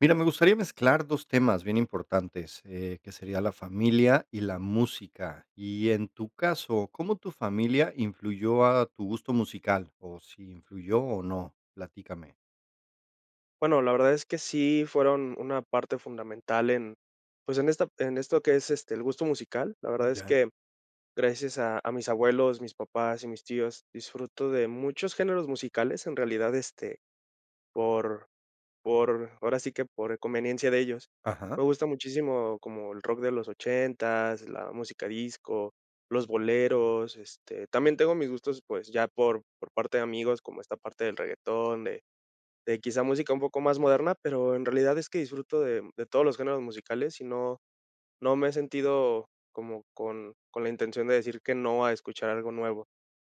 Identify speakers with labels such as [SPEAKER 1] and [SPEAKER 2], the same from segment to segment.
[SPEAKER 1] Mira, me gustaría mezclar 2 temas bien importantes, eh, que sería la familia y la música, y en tu caso, ¿cómo tu familia influyó a tu gusto musical? ¿O si influyó o no? Platícame.
[SPEAKER 2] Bueno, la verdad es que sí, fueron una parte fundamental en, pues, en esta en esto que es, este, el gusto musical. La verdad es
[SPEAKER 1] Ya.
[SPEAKER 2] que, gracias a a mis abuelos, mis papás y mis tíos, disfruto de muchos géneros musicales, en realidad, este, por por ahora sí que por conveniencia de ellos.
[SPEAKER 1] Ajá.
[SPEAKER 2] Me gusta muchísimo como el rock de los ochentas, la música disco, los boleros, este, también tengo mis gustos, pues, ya por por parte de amigos, como esta parte del reguetón, de de quizá música un poco más moderna, pero, en realidad es que disfruto de de todos los géneros musicales, y no no me he sentido como con con la intención de decir que no a escuchar algo nuevo.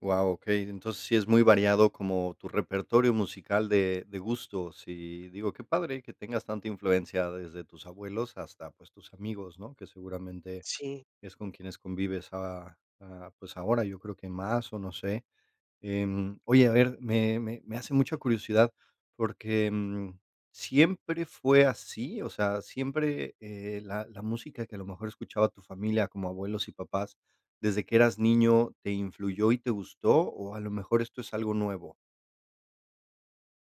[SPEAKER 1] Guau, okey, entonces sí es muy variado como tu repertorio musical de de gustos y digo qué padre, que tengas tanta influencia desde tus abuelos hasta, pues, tus amigos, ¿no? Que seguramente
[SPEAKER 2] Sí.
[SPEAKER 1] es con quienes convives a a pues, ahora, yo creo que más o no sé, em, oye, a ver, me me me hace mucha curiosidad, porque, mm, ¿siempre fue así?, o sea, ¿siempre, eh, la la música que a lo mejor escuchaba tu familia, como abuelos y papás, desde que eras niño, te influyó y te gustó? ¿O a lo mejor esto es algo nuevo?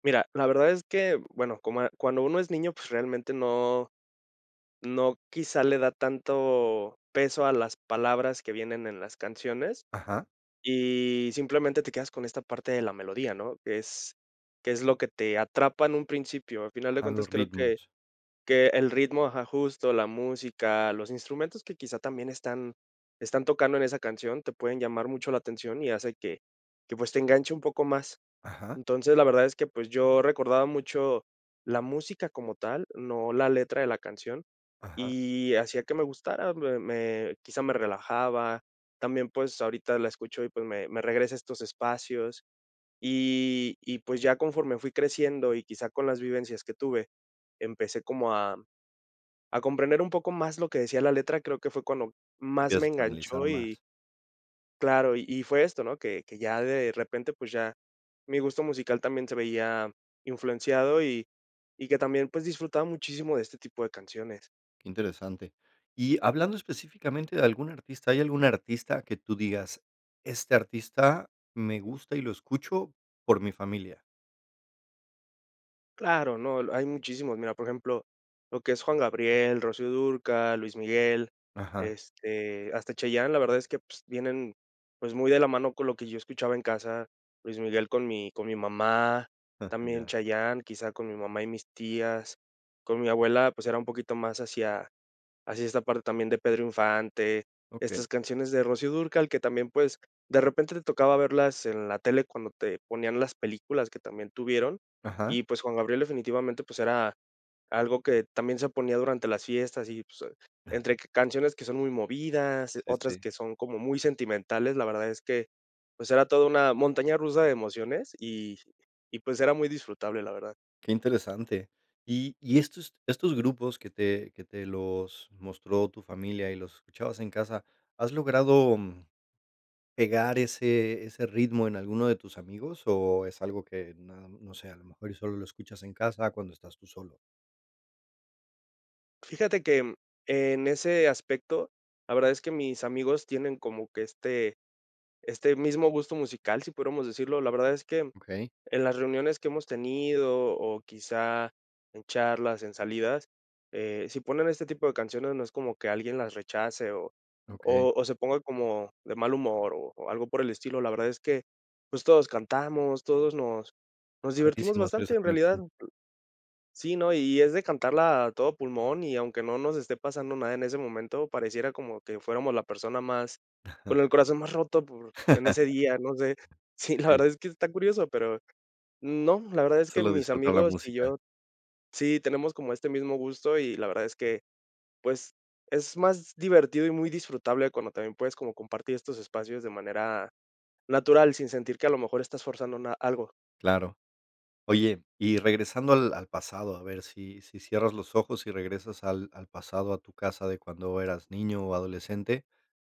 [SPEAKER 2] Mira, la verdad es que, bueno, como, cuando uno es niño, pues, realmente no no quizá le da tanto peso a las palabras que vienen en las canciones,
[SPEAKER 1] Ajá.
[SPEAKER 2] y simplemente te quedas con esta parte de la melodía, ¿no? Es, que es lo que te atrapa en un principio, al final de
[SPEAKER 1] A
[SPEAKER 2] cuentas,
[SPEAKER 1] los
[SPEAKER 2] creo que
[SPEAKER 1] ritmos.
[SPEAKER 2] que el ritmo ajá, justo, la música, los instrumentos que quizá también están están tocando en esa canción, te pueden llamar mucho la atención, y hace que que, pues, te enganche un poco más.
[SPEAKER 1] Ajá.
[SPEAKER 2] Entonces, la verdad es que, pues, yo recordaba mucho la música como tal, no la letra de la canción,
[SPEAKER 1] Ajá.
[SPEAKER 2] y hacía que me gustara, me me quizá, me relajaba, también, pues, ahorita la escucho y, pues, me me regresa a estos espacios. Y y, pues, ya conforme fui creciendo y quizá con las vivencias que tuve, empecé como a a comprender un poco más lo que decía la letra, creo que fue cuando más me
[SPEAKER 1] Empiezas a analizar
[SPEAKER 2] enganchó, y
[SPEAKER 1] más.
[SPEAKER 2] claro, y y fue esto, ¿no?, que que ya de repente, pues, ya mi gusto musical también, se veía influenciado y y que también, pues, disfrutaba muchísimo de este tipo de canciones.
[SPEAKER 1] Qué interesante. Y hablando específicamente de algún artista, ¿hay algún artista que tú digas, este artista me gusta y lo escucho por mi familia?
[SPEAKER 2] Claro, no, hay muchísimos. Mira, por ejemplo, lo que es Juan Gabriel, Rocío Dúrcal, Luis Miguel,
[SPEAKER 1] Ajá.
[SPEAKER 2] este, hasta Chayanne, la verdad es que, pues, vienen, pues, muy de la mano con lo que yo escuchaba en casa. Luis Miguel con mi con mi mamá,
[SPEAKER 1] Ah,
[SPEAKER 2] también
[SPEAKER 1] ya.
[SPEAKER 2] Chayanne, quizá, con mi mamá y mis tías. Con mi abuela, pues, era un poquito más hacia hacia esta parte también de Pedro Infante,
[SPEAKER 1] Okey.
[SPEAKER 2] estas canciones de Rocío Dúrcal que también, pues, de repente te tocaba verlas en la tele cuando te ponían las películas que también tuvieron.
[SPEAKER 1] Ajá.
[SPEAKER 2] Y, pues, Juan Gabriel definitivamente, pues, era algo que también, se ponía durante las fiestas y, pues, entre
[SPEAKER 1] Ajá.
[SPEAKER 2] canciones que son muy movidas,
[SPEAKER 1] Sí,
[SPEAKER 2] otras
[SPEAKER 1] sí.
[SPEAKER 2] que son como muy sentimentales. La verdad es que, pues, era toda una montaña rusa de emociones, y y pues, era muy disfrutable, la verdad.
[SPEAKER 1] Qué interesante. Y y estos estos grupos que te que te los mostró tu familia y los escuchabas en casa, ¿has logrado, mm, pegar ese ese ritmo en alguno de tus amigos, o es algo que no no sé, a lo mejor y solo lo escuchas en casa cuando estás tú solo?
[SPEAKER 2] Fíjate que en ese aspecto, la verdad es que mis amigos tienen como que este este mismo gusto musical, si pudiéramos decirlo. La verdad es que
[SPEAKER 1] Okey.
[SPEAKER 2] en las reuniones que hemos tenido o quizá en charlas, en salidas, eh, si ponen este tipo de canciones, no es como que alguien las rechace, o
[SPEAKER 1] Okey.
[SPEAKER 2] o o se ponga como de mal humor o o algo por el estilo. La verdad es que, pues, todos cantamos, todos nos nos divertimos
[SPEAKER 1] Padrísimo si tuviera
[SPEAKER 2] bastante
[SPEAKER 1] esa
[SPEAKER 2] en realidad.
[SPEAKER 1] conexión.
[SPEAKER 2] Sí, ¿no? Y es de cantarla a todo pulmón, y aunque no nos esté pasando nada en ese momento, pareciera como que fuéramos la persona más
[SPEAKER 1] Ajá.
[SPEAKER 2] con el corazón más roto por en ese día, no sé. Sí, la
[SPEAKER 1] Sí.
[SPEAKER 2] verdad es que está curioso, pero, no, la verdad es que
[SPEAKER 1] Solo
[SPEAKER 2] mis
[SPEAKER 1] disfrutar la
[SPEAKER 2] amigos y
[SPEAKER 1] música.
[SPEAKER 2] yo, sí, tenemos como este mismo gusto, y la verdad es que, pues, es más divertido y muy disfrutable cuando también puedes como compartir estos espacios de manera natural, sin sentir que a lo mejor estás forzando na algo.
[SPEAKER 1] Claro. Oye, y regresando al al pasado, a ver si si cierras los ojos, y regresas al al pasado a tu casa de cuando eras niño, o adolescente,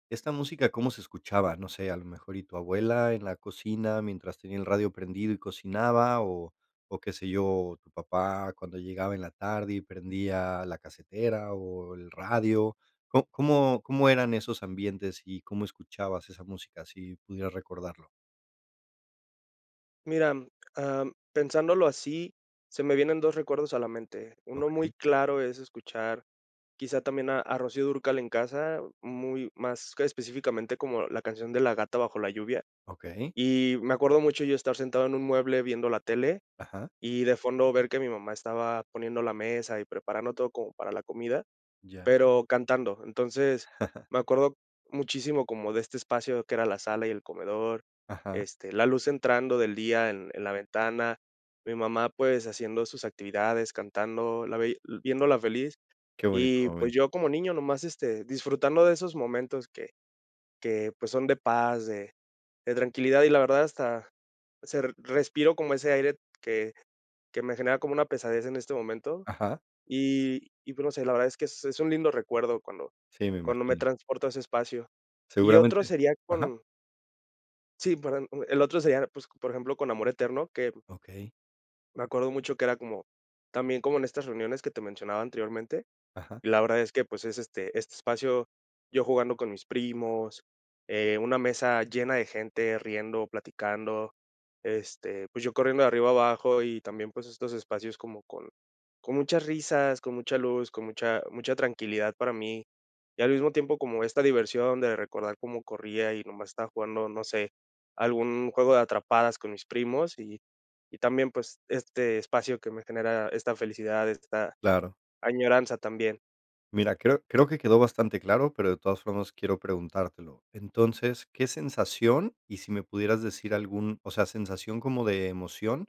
[SPEAKER 1] ¿esta música cómo se escuchaba? No sé, a lo mejor y tu abuela en la cocina mientras tenía el radio prendido y cocinaba, o o qué sé yo, o tu papá cuando llegaba en la tarde, y prendía la casetera, o el radio, ¿có cómo cómo eran esos ambientes y cómo escuchabas esa música? Si pudieras recordarlo.
[SPEAKER 2] Mira, mm, ah, mm, pensándolo así, se me vienen 2 recuerdos a la mente. Uno muy
[SPEAKER 1] Okey.
[SPEAKER 2] claro es escuchar, quizá también a a Rocío Dúrcal en casa, muy más que específicamente como la canción de La gata bajo la lluvia.
[SPEAKER 1] Okey.
[SPEAKER 2] Y me acuerdo mucho yo estar sentado en un mueble viendo la tele,
[SPEAKER 1] Ajá.
[SPEAKER 2] y de fondo ver que mi mamá estaba poniendo la mesa y preparando todo como para la comida,
[SPEAKER 1] Ya.
[SPEAKER 2] pero cantando, entonces, me acuerdo muchísimo, como de este espacio que era la sala y el comedor,
[SPEAKER 1] Ajá.
[SPEAKER 2] este, la luz entrando del día en en la ventana. Mi mamá, pues, haciendo sus actividades, cantando, la veía viéndola feliz.
[SPEAKER 1] Qué bonito
[SPEAKER 2] Y,
[SPEAKER 1] momento.
[SPEAKER 2] pues, yo como niño nomás, este, disfrutando de esos momentos, que que pues, son de paz, de de tranquilidad. Y la verdad hasta, se respiro como ese aire que que me genera como una pesadez en este momento.
[SPEAKER 1] Ajá.
[SPEAKER 2] Y y pues, no sé, la verdad es que es es un lindo recuerdo cuando
[SPEAKER 1] Sí, me
[SPEAKER 2] cuando me
[SPEAKER 1] imagino.
[SPEAKER 2] transporto a ese espacio. Y otro
[SPEAKER 1] Seguramente.
[SPEAKER 2] sería
[SPEAKER 1] Ajá
[SPEAKER 2] con sí, perdón, mm, el otro sería, pues, por ejemplo, con amor eterno, que
[SPEAKER 1] Okey.
[SPEAKER 2] me acuerdo mucho que era como, también como en estas reuniones que te mencionaba anteriormente.
[SPEAKER 1] Ajá.
[SPEAKER 2] Y la verdad es que, pues, es este este espacio, yo jugando con mis primos, eh, una mesa llena de gente, riendo, platicando, este, pues, yo corriendo de arriba a abajo y también, pues, estos espacios como con con muchas risas, con mucha luz, con mucha mucha tranquilidad para mí. Y al mismo tiempo, como esta diversión de recordar cómo corría y nomás estaba jugando, no sé, algún juego de atrapadas con mis primos y y también, pues, este espacio que me genera esta felicidad, esta
[SPEAKER 1] Claro.
[SPEAKER 2] añoranza también.
[SPEAKER 1] Mira, creo creo que quedó bastante claro, pero de todas formas quiero preguntártelo. Entonces, ¿qué sensación, y si me pudieras decir algún o sea, sensación como de emoción,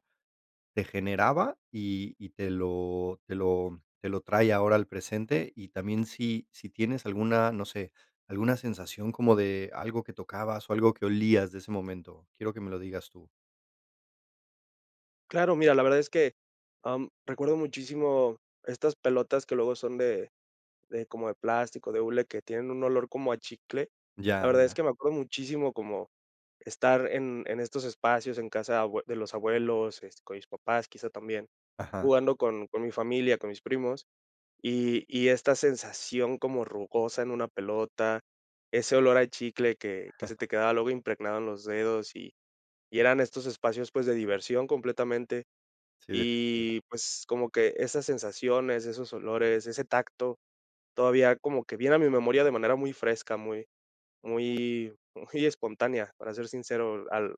[SPEAKER 1] te generaba y y te lo te lo te lo trae ahora al presente?, y también, ¿si si tienes alguna, no sé, alguna sensación como de algo que tocabas, o algo que olías de ese momento?, quiero que me lo digas tú.
[SPEAKER 2] Claro, mira, la verdad es que, ah, mm, recuerdo muchísimo estas pelotas que luego son de de como de plástico, de hule, que tienen un olor como a chicle. La
[SPEAKER 1] Ya,
[SPEAKER 2] verdad es
[SPEAKER 1] ya.
[SPEAKER 2] que me acuerdo muchísimo como, estar en en estos espacios, en casa de abue de los abuelos, este, con mis papás quizá también,
[SPEAKER 1] Ajá.
[SPEAKER 2] jugando con con mi familia, con mis primos. Y y esta sensación como rugosa en una pelota, ese olor a chicle que que se te quedaba luego impregnado en los dedos, y y eran estos espacios, pues, de diversión completamente.
[SPEAKER 1] Sí, definitivo.
[SPEAKER 2] Y pues, como que esas sensaciones, esos olores, ese tacto, todavía como que viene a mi memoria de manera muy fresca, muy, muy, muy espontánea, para ser sincero, al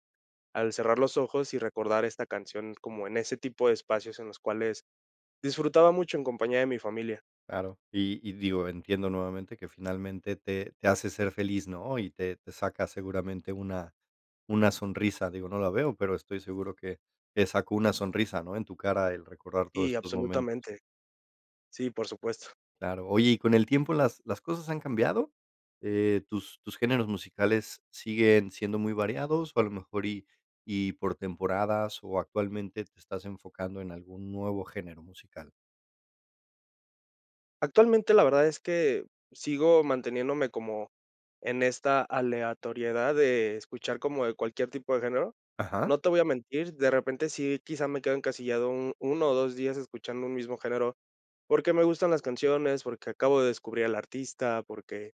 [SPEAKER 2] al cerrar los ojos, y recordar esta canción como en ese tipo de espacios en los cuales, disfrutaba mucho en compañía de mi familia.
[SPEAKER 1] Claro y y, digo, entiendo nuevamente que finalmente te te hace ser feliz, ¿no?, y te te saca seguramente una una sonrisa. Digo, no la veo, pero estoy seguro que, te sacó una sonrisa, ¿no?, en tu cara el recordar todos
[SPEAKER 2] Y
[SPEAKER 1] estos momentos.
[SPEAKER 2] absolutamente. Sí, por supuesto.
[SPEAKER 1] Claro, oye, y con el tiempo, ¿las las cosas han cambiado? Eh, ¿tus tus géneros musicales, siguen siendo muy variados? O a lo mejor y y por temporadas, o actualmente te estás enfocando en algún nuevo género musical?
[SPEAKER 2] Actualmente, la verdad es que sigo manteniéndome como en esta aleatoriedad de escuchar como de cualquier tipo de género.
[SPEAKER 1] Ajá.
[SPEAKER 2] No te voy a mentir, de repente sí quizá me quedo encasillado un 1 o 2 días escuchando un mismo género. Porque, me gustan las canciones, porque, acabo de descubrir al artista, porque,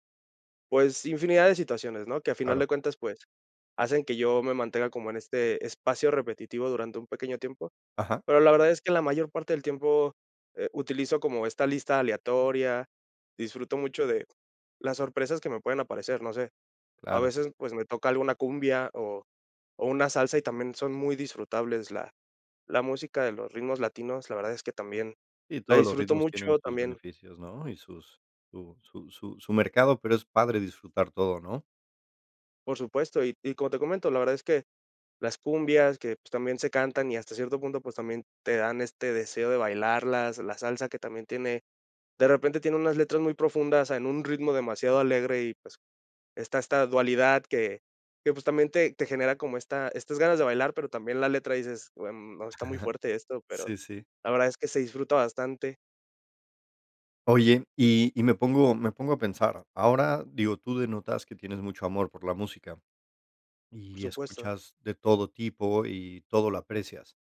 [SPEAKER 2] pues, infinidad de situaciones, ¿no?, que a final
[SPEAKER 1] Claro.
[SPEAKER 2] de cuentas, pues, hacen que yo me mantenga como en este espacio repetitivo durante un pequeño tiempo.
[SPEAKER 1] Ajá.
[SPEAKER 2] Pero, la verdad es que la mayor parte del tiempo, eh, utilizo como esta lista aleatoria, disfruto mucho de las sorpresas que me pueden aparecer, no sé, a
[SPEAKER 1] Claro.
[SPEAKER 2] veces, pues, me toca alguna cumbia, o o una salsa y también son muy disfrutables la la música de los ritmos latinos, la verdad es que también
[SPEAKER 1] Sí,
[SPEAKER 2] la
[SPEAKER 1] todos los
[SPEAKER 2] disfruto
[SPEAKER 1] ritmos tienen
[SPEAKER 2] mucho
[SPEAKER 1] sus
[SPEAKER 2] también.
[SPEAKER 1] beneficios, ¿no? Y sus su su su su mercado, pero, es padre disfrutar todo, ¿no?
[SPEAKER 2] Por supuesto, y y como te comento, la verdad es que las cumbias que, pues, también se cantan y hasta cierto punto, pues, también te dan este deseo de bailarlas, la salsa que también tiene, de repente tiene unas letras muy profundas en un ritmo demasiado alegre y, pues, está esta dualidad que que, pues, también te te genera como esta estas ganas de bailar, pero, también la letra dices: "buen no, está muy
[SPEAKER 1] Ajá.
[SPEAKER 2] fuerte esto, pero,
[SPEAKER 1] Sí, sí.
[SPEAKER 2] la verdad es que se disfruta bastante.
[SPEAKER 1] Oye, y y me pongo me pongo a pensar. Ahora, digo, tú denotas que tienes mucho amor por la música,
[SPEAKER 2] Por
[SPEAKER 1] y
[SPEAKER 2] supuesto.
[SPEAKER 1] escuchas de todo tipo y todo lo aprecias,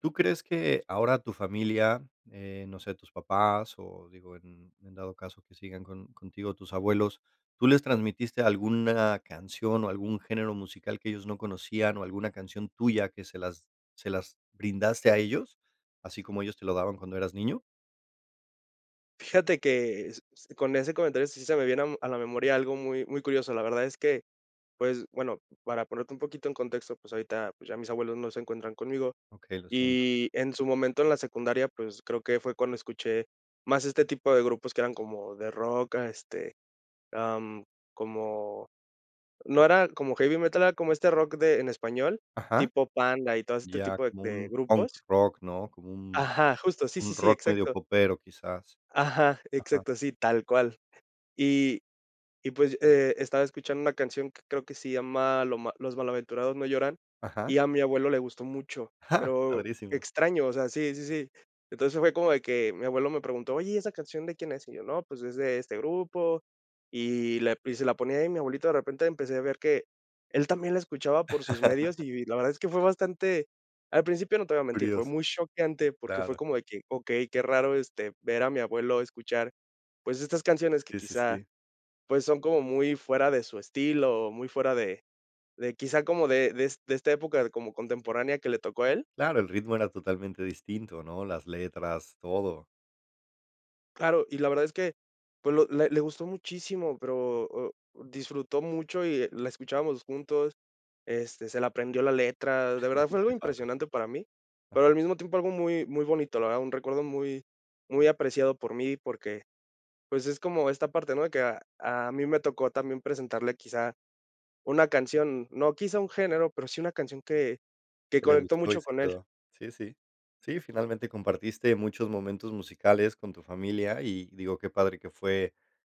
[SPEAKER 1] tú crees que ahora tu familia, eh, no sé, tus papás o, digo, en en dado caso que sigan con contigo tus abuelos, ¿tú les transmitiste alguna canción o algún género musical que ellos no conocían, o alguna canción tuya que se las se las brindaste a ellos, así como ellos te lo daban cuando eras niño?
[SPEAKER 2] Fíjate que s s con ese comentario, sí se me viene, am, a la memoria algo muy muy curioso. La verdad es que, pues, bueno, para ponerte un poquito en contexto, pues, ahorita, pues, ya mis abuelos no se encuentran conmigo.
[SPEAKER 1] Okey, lo siento.
[SPEAKER 2] Y en su momento en la secundaria, pues, creo que fue cuando escuché más este tipo de grupos que eran como de rock, este, am, como, no era como heavy metal, era como este rock de en español,
[SPEAKER 1] Ajá.
[SPEAKER 2] tipo Panda y todo este
[SPEAKER 1] Ya
[SPEAKER 2] tipo de
[SPEAKER 1] como
[SPEAKER 2] de
[SPEAKER 1] un punk
[SPEAKER 2] grupos.
[SPEAKER 1] rock, ¿no?, como un
[SPEAKER 2] Ajá, justo, sí, sí,
[SPEAKER 1] un
[SPEAKER 2] sí,
[SPEAKER 1] rock medio
[SPEAKER 2] exacto.
[SPEAKER 1] popero, quizás.
[SPEAKER 2] Ajá,
[SPEAKER 1] Ajá.
[SPEAKER 2] exacto, sí, tal cual. Y y, pues, eh, estaba escuchando una canción que creo que se llama lo ma Los malaventurados no lloran,
[SPEAKER 1] Ajá.
[SPEAKER 2] y a mi abuelo le gustó mucho. Pero
[SPEAKER 1] Padrísimo.
[SPEAKER 2] extraño, o sea, sí, sí, sí. Entonces, fue como de que mi abuelo me preguntó: "Oye, ¿y esa canción de quién es?", y yo: "No, pues, es de este grupo", y la y se la ponía ahí, mi abuelito de repente, empecé a ver que él también la escuchaba por sus medios, y v la verdad es que fue bastante al principio no te voy a mentir, fue
[SPEAKER 1] Curioso.
[SPEAKER 2] muy choqueante porque fue
[SPEAKER 1] Claro.
[SPEAKER 2] como de que: "Okey, qué raro, este, ver a mi abuelo escuchar, pues, estas canciones que
[SPEAKER 1] Sí, sí,
[SPEAKER 2] quizá,
[SPEAKER 1] sí.
[SPEAKER 2] pues son como muy fuera de su estilo, muy fuera de de quizá como de des de esta época como contemporánea que le tocó a él".
[SPEAKER 1] Claro, el ritmo era totalmente distinto, ¿no?, las letras, todo.
[SPEAKER 2] Claro, y la verdad es que, pues lo le le gustó muchísimo, pero, o disfrutó mucho y la escuchábamos juntos, este, se la aprendió la letra. De verdad, fue algo
[SPEAKER 1] Qué padre.
[SPEAKER 2] impresionante para mí, pero
[SPEAKER 1] Ajá.
[SPEAKER 2] al mismo tiempo algo muy muy bonito, la verdad. Un recuerdo muy muy apreciado por mí, porque, pues, es como esta parte, ¿no?, de que a a mí me tocó también presentarle quizá una canción, no quizá un género, pero sí una canción que que
[SPEAKER 1] Que le
[SPEAKER 2] conectó
[SPEAKER 1] gustó y
[SPEAKER 2] mucho
[SPEAKER 1] se
[SPEAKER 2] con él.
[SPEAKER 1] quedó. Sí, sí. Sí, finalmente compartiste muchos momentos musicales con tu familia, y digo: "Qué padre que fue".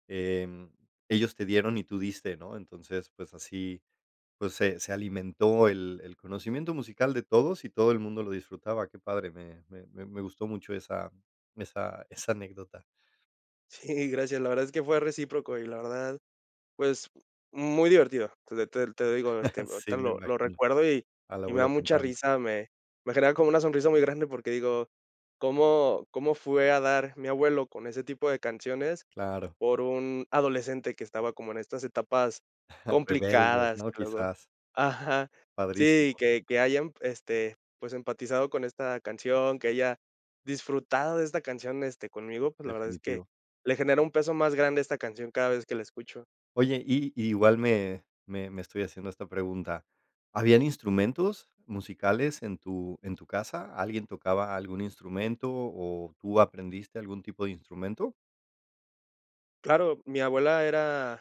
[SPEAKER 1] Em, ellos te dieron y tú diste, ¿no? Entonces, pues así, pues se se alimentó el el conocimiento musical de todos y todo el mundo lo disfrutaba. Qué padre, me me me gustó mucho esa esa esa anécdota.
[SPEAKER 2] Sí, gracias. La verdad es que fue recíproco y la verdad, pues, muy divertido. Te te te te lo digo, este,
[SPEAKER 1] Sí,
[SPEAKER 2] ahorita
[SPEAKER 1] me
[SPEAKER 2] lo lo
[SPEAKER 1] imagino,
[SPEAKER 2] recuerdo y
[SPEAKER 1] al
[SPEAKER 2] y me da
[SPEAKER 1] abuelo
[SPEAKER 2] mucha
[SPEAKER 1] cantando.
[SPEAKER 2] risa, me me genera como una sonrisa muy grande, porque digo: "¿Cómo cómo fue a dar mi abuelo con ese tipo de canciones
[SPEAKER 1] Claro.
[SPEAKER 2] por un adolescente que estaba como en estas etapas
[SPEAKER 1] Rebeldes,
[SPEAKER 2] complicadas?".
[SPEAKER 1] ¿no?,
[SPEAKER 2] Que luego, eh
[SPEAKER 1] quizás.
[SPEAKER 2] ajá, sí,
[SPEAKER 1] Padrísimo.
[SPEAKER 2] que que hayan, este, pues, empatizado con esta canción, que haya disfrutado de esta canción, este, conmigo, pues, la verdad es que,
[SPEAKER 1] Definitivo.
[SPEAKER 2] le genera un peso más grande esta canción cada vez que la escucho.
[SPEAKER 1] Oye, y igual me me me estoy haciendo esta pregunta, ¿habían instrumentos musicales en tu en tu casa? ¿Alguien tocaba algún instrumento o tú aprendiste algún tipo de instrumento?
[SPEAKER 2] Claro, mi abuela era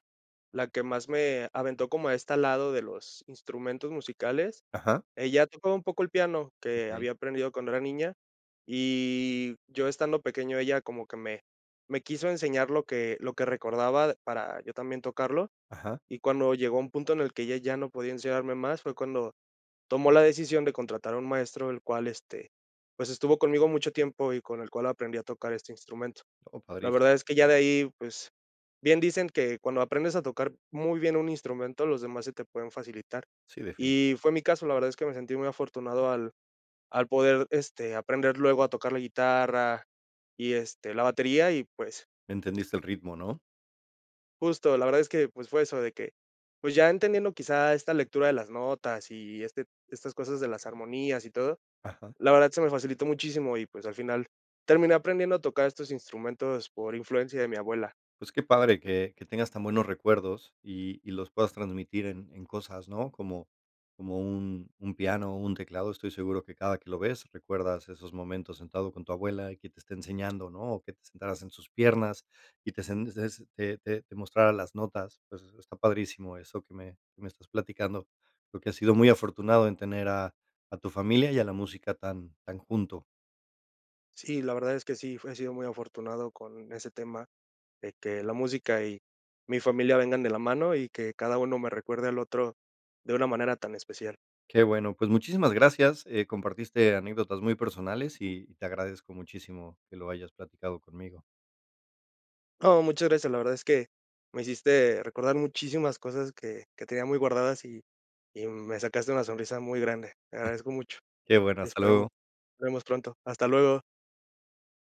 [SPEAKER 2] la que más me aventó como a esta lado de los instrumentos musicales.
[SPEAKER 1] Ajá.
[SPEAKER 2] Ella tocaba un poco el piano que
[SPEAKER 1] Okey.
[SPEAKER 2] había aprendido cuando era niña, y yo estando pequeño ella como que me me quiso enseñar lo que lo que recordaba para yo también tocarlo.
[SPEAKER 1] Ajá.
[SPEAKER 2] Y cuando llegó un punto en el que ella ya no podía enseñarme más, fue cuando tomó la decisión de contratar a un maestro, el cual, este, pues, estuvo conmigo mucho tiempo, y con el cual aprendí a tocar este instrumento.
[SPEAKER 1] Oh,
[SPEAKER 2] La
[SPEAKER 1] padrísimo.
[SPEAKER 2] verdad es que ya de ahí, pues, bien dicen que cuando aprendes a tocar muy bien un instrumento, los demás se te pueden facilitar.
[SPEAKER 1] Sí, definitivo.
[SPEAKER 2] Y fue mi caso, la verdad es que me sentí muy afortunado al al poder, este, aprender luego a tocar la guitarra y, este, la batería y, pues
[SPEAKER 1] ¿Entendiste el ritmo, no?
[SPEAKER 2] Justo, la verdad es que, pues, fue eso de que, pues, ya entendiendo quizá esta lectura de las notas, y este estas cosas de las armonías y todo,
[SPEAKER 1] Ajá.
[SPEAKER 2] la verdad, se me facilitó muchísimo. Y, pues, al final, terminé aprendiendo a tocar estos instrumentos por influencia de mi abuela.
[SPEAKER 1] Pues, qué padre que que tengas tan buenos recuerdos, y y los puedas transmitir en en cosas, ¿no?, como como un un piano o un teclado. Estoy seguro que cada que lo ves, recuerdas esos momentos sentado con tu abuela y que te esté enseñando, ¿no?, o que te sentaras en sus piernas, y te sent te sent te te te mostrara las notas. Pues, está padrísimo eso que me que me estás platicando. Creo que has sido muy afortunado en tener a a tu familia y a la música tan tan junto.
[SPEAKER 2] Sí, la verdad es que sí, he sido muy afortunado con ese tema, de que la música y mi familia vengan de la mano, y que cada uno me recuerde al otro de una manera tan especial.
[SPEAKER 1] Qué bueno, pues muchísimas gracias. Eh, compartiste anécdotas muy personales, y y te agradezco muchísimo que lo hayas platicado conmigo.
[SPEAKER 2] No, muchas gracias. La verdad es que me hiciste recordar muchísimas cosas que que tenía muy guardadas, y y me sacaste una sonrisa muy grande. Te agradezco mucho.
[SPEAKER 1] Qué bueno, hasta
[SPEAKER 2] Esperamos
[SPEAKER 1] luego.
[SPEAKER 2] nos vemos pronto. Hasta luego.